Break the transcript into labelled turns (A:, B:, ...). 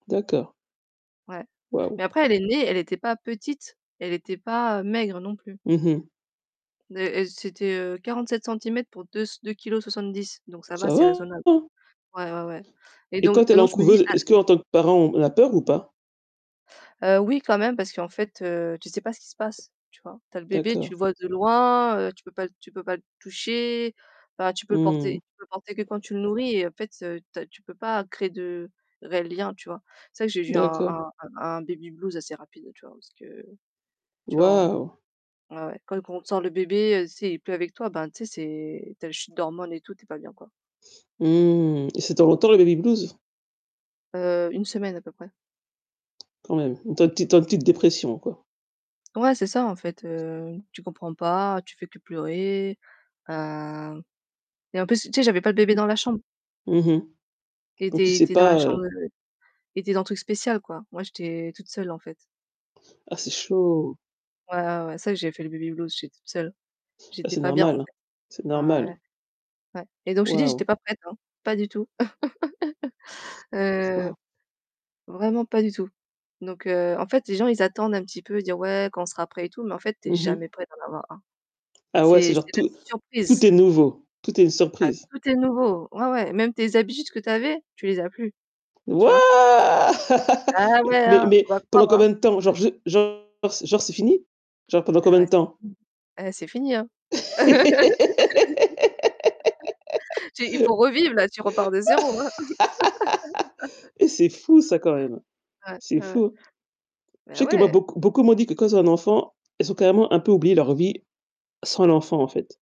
A: D'accord.
B: Ouais.
A: Waouh.
B: Mais après elle est née, elle était pas petite, elle était pas maigre non plus.
A: Mmh mh.
B: Née et c'était, heu, 47 centimètres pour 2 s 2 kilos 70, donc ça va,
A: Ca
B: c'est
A: va.
B: raisonnable. Ouais, ouais, ouais. Et
A: Et
B: donc
A: quand elle
B: et
A: est en
B: donc je me dis
A: couveuse,
B: à
A: est-ce qu'en tant que parent, on a peur ou pas?
B: Heu, oui quand même parce qu'en fait tu sais pas ce qui se passe, tu vois? Tu as le bébé,
A: D'accord.
B: tu le vois de loin, heu, tu peux pas tu peux pas le toucher, enfin tu peux le
A: Mmh
B: porter
A: mh.
B: tu peux le porter que quand tu le nourris et en fait ta tu peux pas créer de réels liens, tu vois? C'est vrai que j'ai eu un
A: D'accord.
B: un un un baby blues assez rapide, tu vois, parce que tu vois,
A: Waouh.
B: on ouais, ouais quand quand on sent le bébé, tu sais, il est plus avec toi ben tu sais, c'est tu as les chutes d'hormones et tout, tu es pas bien, quoi.
A: Mmh. Et ça dure longtemps le baby blues?
B: Heu, 1 semaine à peu près.
A: Quand même, tu es en petite tu es en petite dépression, quoi.
B: Ouais, c'est ça en fait, heu, tu comprends pas, tu fais que pleurer. Heu et en plus, tu sais, j'avais pas le bébé
A: Mmh
B: dans la chambre.
A: mh. Mmh mh.
B: Il
A: Donc tu
B: était
A: sais
B: était dans la
A: pas,
B: chambre
A: heu
B: de il était dans le truc spécial quoi. Moi, j'étais toute seule en fait.
A: Ah c'est chaud.
B: Ouais, ouais, ouais, pour ça que j'ai fait le baby blues, j'étais toute seule.
A: Ben
B: J'étais
A: c'est
B: pas bien, en
A: normal, hein,
B: fait.
A: c'est
B: Ouais,
A: normal.
B: ouais, ouais. Et donc je t'ai dit,
A: Waouh.
B: j'étais pas prête, hein, pas du tout. Heu,
A: Waouh.
B: vraiment pas du tout. Donc heu, en fait les gens ils attendent un petit peu et dire: «Ouais, quand on sera prêt et tout» mais en fait tu es
A: Mmh
B: jamais
A: mh.
B: prêt d'en avoir 1.
A: Ah ouais, c'est
B: C'est
A: genre
B: c'est la
A: tout tout
B: surprise.
A: est nouveau, tout est une
B: Ah
A: surprise.
B: tout est nouveau, ouais, ouais, même tes habitudes que tu avais, tu les as plus, tu vois?
A: Wouah!
B: Ah ouais,
A: Mais
B: hein!
A: mais
B: Faut pas croire,
A: pendant
B: hein!
A: combien de temps? Genre ju genre genre genre c'est fini? Genre pendant
B: Ah
A: combien de
B: ouais c'est
A: temps?
B: [unintelligible] eh, c'est fini, hein. J'ai il faut revivre là, tu repars de 0.
A: Et c'est fou ça quand même.
B: Ouais,
A: C'est
B: ouais, ouais.
A: fou.
B: Ben
A: Je sais que moi
B: ouais.
A: beaucoup beaucoup m'ont dit que quand tu as un enfant, elles ont carrément un peu oublié leur vie sans l'enfant en fait.